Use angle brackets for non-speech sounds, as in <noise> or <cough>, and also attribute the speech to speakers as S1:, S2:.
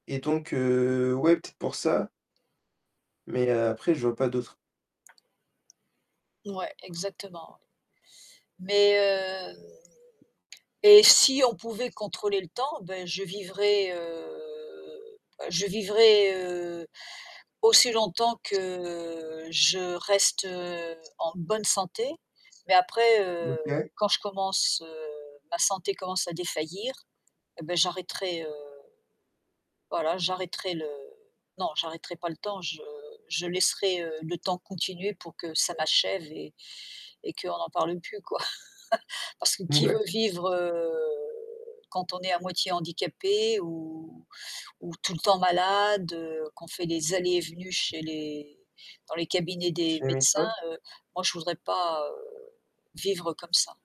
S1: Et donc, heu, ouais peut-être pour ça mais après je vois pas d'autres
S2: Ouais, exactement. Mais heu et si on pouvait contrôler le temps, bah, je vivrais, heu, bah, je vivrais, heu, aussi longtemps que je reste en bonne santé. Mais après,
S1: M
S2: heu,
S1: OK.
S2: quand je commence, heu, ma santé commence à défaillir et bah, j'arrêterai, heu, voilà, j'arrêterai le non, j'arrêterai pas le temps, je je laisserai le temps continuer pour que ça m'achève et et qu'on n'en parle plus, quoi. <chuckles> Parce que qui
S1: Mouais.
S2: veut vivre, heu, quand on est à moitié handicapé ou ou tout le temps malade, qu'on fait des allées et venues chez les dans les cabinets des médecins,
S1: <unintelligible>
S2: heu, moi je voudrais pas vivre comme ça.